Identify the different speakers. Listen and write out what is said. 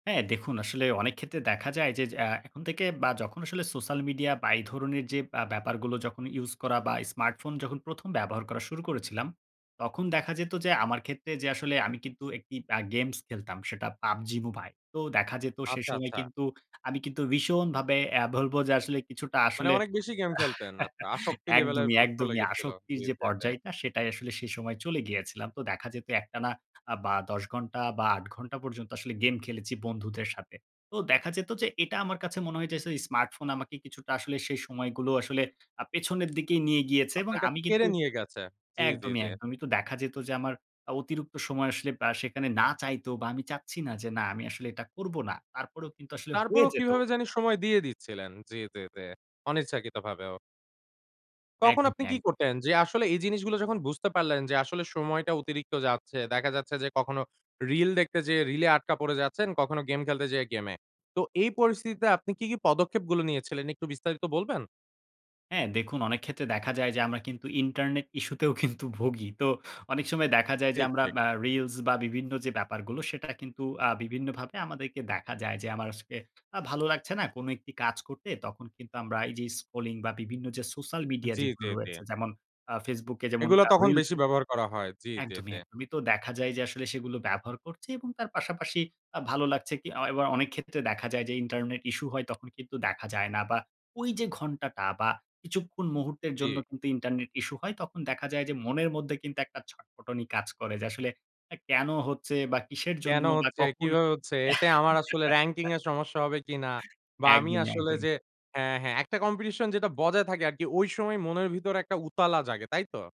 Speaker 1: হ্যাঁ, দেখুন আসলে অনেক ক্ষেত্রে দেখা যায় যে যে আ এখন থেকে বা যখন আসলে সোশ্যাল মিডিয়া বা এই ধরনের যে আ ব্যাপারগুলো যখন ইউস করা বা স্মার্টফোন যখন ১ম ব্যবহার করা শুরু করেছিলাম, তখন দেখা যেত যে আমার ক্ষেত্রে যে আসলে আমি কিন্তু একটি আ গেমস খেলতাম। সেটা PUBG Mobile তো দেখা যেত সে
Speaker 2: আচ্ছা,
Speaker 1: সময়
Speaker 2: আচ্ছা।
Speaker 1: কিন্তু আমি কিন্তু ভীষণভাবে আ বলব যে আসলে কিছুটা
Speaker 2: মানে
Speaker 1: আসলে
Speaker 2: অনেক বেশি গেম খেলতেন, আচ্ছা। আসক্তি লেভেলের
Speaker 1: একদমই,
Speaker 2: প্রত্য
Speaker 1: একদমই,
Speaker 2: লেগেছিল। জি,
Speaker 1: আসক্তির যে
Speaker 2: জি, জি।
Speaker 1: পর্যায়টা সেটাই আসলে সেই সময় চলে গিয়েছিলাম। তো দেখা যেত একটানা আ বা ১০ ঘণ্টা বা ৮ ঘন্টা পর্যন্ত আসলে গেম খেলেছি বন্ধুদের সাথে। তো দেখা যেত যে, এটা আমার কাছে মনে হয় যে, ইস স্মার্টফোন আমাকে কিছুটা আসলে সেই সময়গুলো আসলে আ পেছনের দিকে নিয়ে গিয়েছে। এবং
Speaker 2: আপনার কাছে
Speaker 1: আমি কিন্তু
Speaker 2: কেড়ে নিয়ে গেছে। জি, জি,
Speaker 1: একদমই,
Speaker 2: জি।
Speaker 1: একদমই, তো দেখা যেত যে, আমার অতিরিক্ত সময় আসলে আ সেখানে না চাইতেও বা আমি চাচ্ছি না যে না আমি আসলে এটা করব না। তারপরেও কিন্তু আসলে হয়ে
Speaker 2: তারপরেও
Speaker 1: যেত।
Speaker 2: কিভাবে জানি সময় দিয়ে দিচ্ছিলেন। জি, জি, জি অনিচ্ছাকৃতভাবেও। তখন আপনি
Speaker 1: একদমই,
Speaker 2: কি
Speaker 1: একদম।
Speaker 2: করতেন? যে আসলে এই জিনিসগুলো যখন বুঝতে পারলেন যে আসলে সময়টা অতিরিক্ত যাচ্ছে। দেখা যাচ্ছে যে কখনো reels দেখতে যেয়ে রিলে এ আটকা পড়ে যাচ্ছেন, কখনো গেম খেলতে যেয়ে গেমে। তো এই পরিস্থিতিতে আপনি কি, কি, পদক্ষেপ গুলো নিয়েছিলেন একটু বিস্তারিত বলবেন?
Speaker 1: হ্যাঁ, দেখুন অনেক ক্ষেত্রে দেখা যায় যে, আমরা কিন্তু ইন্টারনেট ইসূতেও কিন্তু ভোগী তো অনেক সময় দেখা যায় যে
Speaker 2: ঠিক,
Speaker 1: আমরা
Speaker 2: ঠিক।
Speaker 1: আ reels বা বিভিন্ন যে ব্যাপারগুলো সেটা কিন্তু আ বিভিন্নভাবে আমাদেরকে দেখা যায় যে, আমার আজকে আ ভালো লাগছে না কোন একটি কাজ করতে। তখন কিন্তু আমরা এই যে স্ক্রলিং বা বিভিন্ন যে সোশ্যাল মিডিয়া
Speaker 2: জি, জি,
Speaker 1: যেগুলো
Speaker 2: জি।
Speaker 1: রয়েছে যেমন আ Facebook e যেমন
Speaker 2: এগুলো
Speaker 1: আ
Speaker 2: তখন
Speaker 1: reels
Speaker 2: বেশি
Speaker 1: এ
Speaker 2: ব্যবহার করা হয়। জি, জি,
Speaker 1: একদমই,
Speaker 2: জি।
Speaker 1: একদমই। তো দেখা যায় যে আসলে সেগুলো ব্যবহার করছি এবং তার পাশাপাশি আ ভালো লাগছে কি এয় ও অনেক ক্ষেত্রে দেখা যায় যে, ইন্টারনেট ইসূ হয় তখন কিন্তু দেখা যায় না। বা ঐযে ঘন্টাটা বা কিছুক্ষণ মুহূর্তের জন্য
Speaker 2: জি।
Speaker 1: কিন্তু ইন্টারনেট ইসূ হয় তখন দেখা যায় যে, মনের মধ্যে কিন্তু একটা ছটফটানি কাজ করে। যে আসলে আ কেন হচ্ছে বা কিসের
Speaker 2: কেন
Speaker 1: জন্য বা
Speaker 2: হচ্ছে,
Speaker 1: কখন
Speaker 2: কিভাবে হচ্ছে? এতে আমার আসলে র‍্যাংকিনং এর সমস্যা হবে কিনা? বা আমি
Speaker 1: একদমই,
Speaker 2: আসলে
Speaker 1: একদমই।
Speaker 2: যে হ্যাঁ, হ্যাঁ, একটা কম্পিটিশন যেটা বজায় থাকে আরকি ঐ সময় মনের ভিতরে একটা উতালা জাগে। তাই তো?